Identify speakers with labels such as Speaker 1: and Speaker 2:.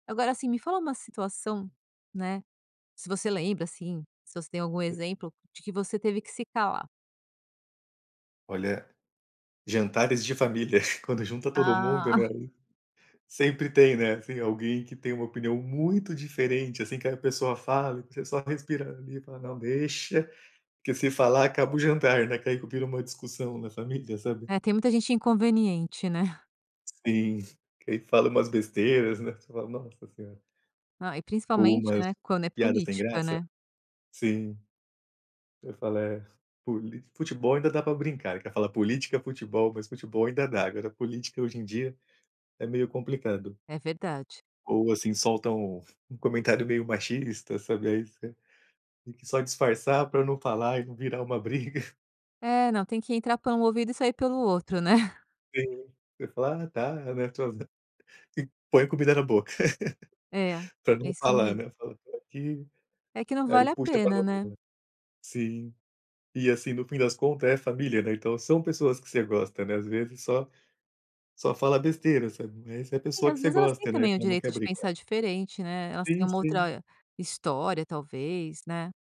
Speaker 1: Agora, assim, me fala uma situação, né, se você lembra, assim, se você tem algum
Speaker 2: [unintelligible]
Speaker 1: exemplo, de que você teve que se calar.
Speaker 2: Olha, jantares de família, quando junta todo mundo né,
Speaker 1: Ah.
Speaker 2: ai. Sempre tem, né, assim, alguém que, tem uma opinião muito diferente, assim, que a pessoa fala e que só respira ali e fala: "Não, deixa, que se falar acaba o jantar," né. E que ai vira uma discussão na família, sabe?
Speaker 1: É, tem muita gente inconveniente, né?
Speaker 2: Sim, e fala umas besteiras, né. Você fala: "Nossa senhora".
Speaker 1: Ah, e
Speaker 2: Ou
Speaker 1: principalmente,
Speaker 2: umas
Speaker 1: né, quando é
Speaker 2: piadas sem
Speaker 1: política,
Speaker 2: graça.
Speaker 1: né?
Speaker 2: Sim. Eu falo: "É, poli futebol ainda dá pra brincar, ele quer falar política, futebol," mas futebol ainda dá. Agora, política hoje em dia é meio complicado.
Speaker 1: É verdade.
Speaker 2: Ou assim, solta um um comentário meio machista, sabe, isso, que só disfarçar, pra não falar e não virar uma briga.
Speaker 1: É não, tem que entrar por um ouvido e sair pelo outro, né?
Speaker 2: Sim, você fala: "Ah tá, né, tô" e põe comida na boca.
Speaker 1: É,
Speaker 2: Pra
Speaker 1: é
Speaker 2: não
Speaker 1: isso
Speaker 2: falar,
Speaker 1: mesmo.
Speaker 2: né, fala, por aqui,
Speaker 1: É que não
Speaker 2: aí
Speaker 1: vale a
Speaker 2: puxa
Speaker 1: pena, né?
Speaker 2: [unintelligible] Sim. E assim, no fim das contas é família, né, então são pessoas que você gosta, né, às vezes só só fala besteira, sabe. Mas essa é a
Speaker 1: É e
Speaker 2: pessoa que
Speaker 1: às
Speaker 2: você
Speaker 1: vezes elas têm
Speaker 2: gosta, né,
Speaker 1: também o
Speaker 2: então não quer
Speaker 1: direito de pensar
Speaker 2: brigar.
Speaker 1: diferente, né. Elas têm
Speaker 2: Sim,
Speaker 1: uma
Speaker 2: sim.
Speaker 1: outra, eh, história talvez, né?